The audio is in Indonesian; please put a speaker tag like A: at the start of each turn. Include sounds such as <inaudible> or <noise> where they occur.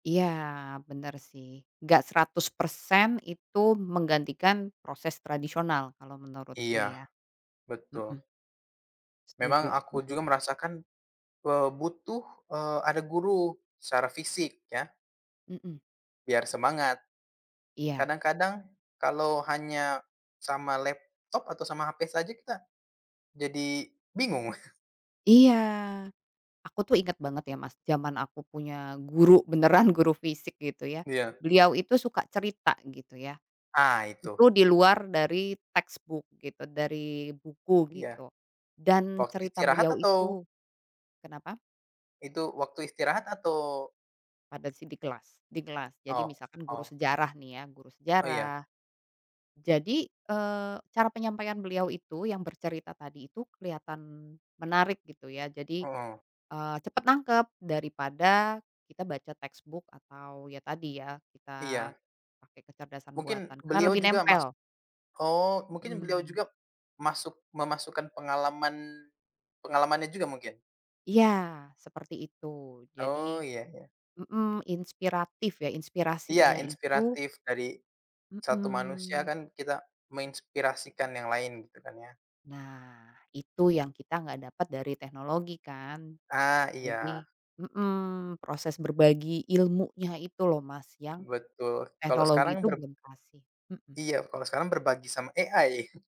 A: Iya, benar sih, enggak 100% itu menggantikan proses tradisional, kalau menurutku
B: Iya,
A: ya hmm.
B: betul.
A: Setuju
B: Memang aku juga
A: setuju.
B: merasakan, eee, butuh eee, ada guru secara fisik, ya.
A: Hmm.
B: Biar semangat,
A: Iya.
B: kadang-kadang kalau hanya sama laptop, atau sama HP saja kita jadi bingung. <chuckles>
A: Iya, aku tuh inget banget ya Mas, zaman aku punya guru beneran, guru fisik gitu ya.
B: Iya.
A: Beliau itu suka cerita, gitu ya.
B: Ah, itu.
A: Itu di luar dari textbook gitu, dari buku
B: Iya.
A: gitu. Dan
B: Waktu
A: cerita
B: istirahat
A: beliau
B: atau
A: itu kenapa?
B: Itu, waktu istirahat atau
A: Pada sih di kelas di kelas. Jadi
B: Oh
A: misalkan guru
B: oh.
A: sejarah nih ya, guru
B: Oh, iya.
A: sejarah. Jadi, eee, cara penyampaian beliau itu yang bercerita tadi itu, kelihatan menarik gitu ya. Jadi,
B: Heeh.
A: eee, cepat nangkep daripada kita baca textbook atau ya tadi ya, kita
B: Iya.
A: pakai kecerdasan
B: Mungkin
A: buatan, karena
B: beliau
A: lebih
B: juga masuk
A: nempel.
B: oh mungkin beliau
A: Hmm.
B: juga masuk memasukkan pengalaman pengalamannya juga mungkin.
A: Iya, seperti itu. Jadi
B: Oh, iya iya.
A: hmm, inspiratif ya,
B: Iya
A: inspirasinya itu
B: inspiratif dari satu manusia
A: Hmm.
B: kan kita menginspirasikan yang lain, gitu kan ya.
A: Nah, itu yang kita enggak dapat dari teknologi kan.
B: Ah,
A: Jadi
B: iya.
A: hmm, proses berbagi ilmunya itu loh Mas, yang
B: Betul. Kalau
A: teknologi
B: sekarang
A: itu
B: ber
A: belum kasih hmm.
B: Iya kalau sekarang berbagi sama AI